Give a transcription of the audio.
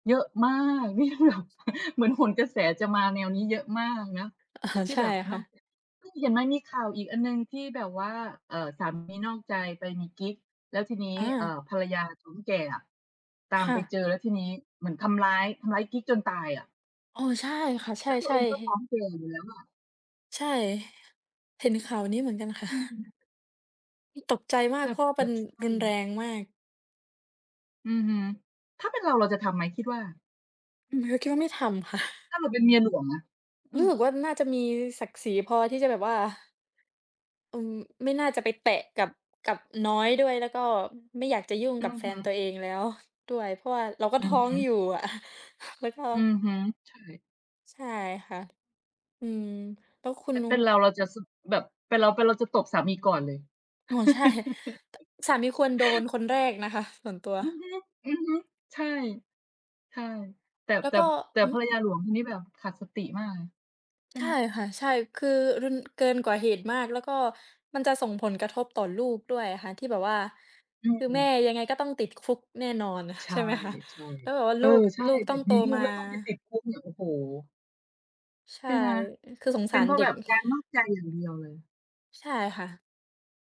เยอะมาก นี่แบบ เหมือนโหนกระแสจะมาแนวนี้เยอะมากเนาะ เออ ที่ใช่แบบคน่อะ กจาก ใช่ เห็นไหมมีข่าวอีกอันหนึ่งที่แบบว่า เอ่อ สามีนอกใจไปมีกิ๊ก แล้วทีนี้ อเอ่า อ ภรรยาท้องแก่อะตาคม่ไปะ เจอ แล้วทีนี้เหมือนทำร้าย ทำร้ายกิ๊กจนตายอะ เออ ใช่ค่ะ ใชแล้วตัวเอ่ งก็ท้ๆ องแก่อยู่แล้วอะ ใช่ เห็นข่าวนี้เหมือนกันค่ะ อืม นี่ตกใจมาแก บเพบ ราะว่าเแปบ็น บ ช่วรุง นแรงมาก อือฮึ ถ้าเป็นเราเราจะทำไหมคิดว่า? อืม ก็แค่ไม่ทำค่ะ ถ้าเราเป็นเมียหลวงอะ? อืรู้อ สึกว่า น่าจะมีศักดิ์ศรีพอที่จะแบบว่า อืม ไม่น่าจะไปแตะกับ กับน้อยด้วย แล้วก็ไม่อยากจะยุ่งอกืับอแฟฮึ นตัวเองแล้ว ด้วย เพราะว่าเราก็อทือ้อฮงึ อยู่อะ แล้วก็ อือฮึ ใช่ ใช่ค่ะ อืม แล้วคุแณต่นู เป็นเรา เราจะ ส แบบ เป็นเรา เป็นเราจะตบสามีก่อนเลย โอ้ ใช่ ต สามีควรโดนคนแรกนะคะ ส่วนตัว อือฮึ อือฮึ ใช่ ใช่ แต่ แล้แวต่ ก็ แต่หืภรอ รยาหลวงคนนี้แบบขาดสติมากเลย ใช่ใชไห่ม? ค่ะ ใช่ คือ รึน เกินกว่าเหตุมาก แล้วก็มันจะส่งผลกระทบต่อลูกด้วยอะค่ะที่แบบว่า อืคือแม่ม ยังไงก็ต้องติดคุกแน่นอน ใชใช่่ ไหมคะ? ใช่ แล้วแบบว่าเลอูก อ ใช่ลูกแบต้องบโตมีลูมกา แล้วต้องไปติดคุกเนี่ย โอ้โฮ ใชใช่ ่ไหม? คือสงเปส็านเรพราเะด็แบก บการนอกใจอย่างเดียวเลย ใช่ค่ะ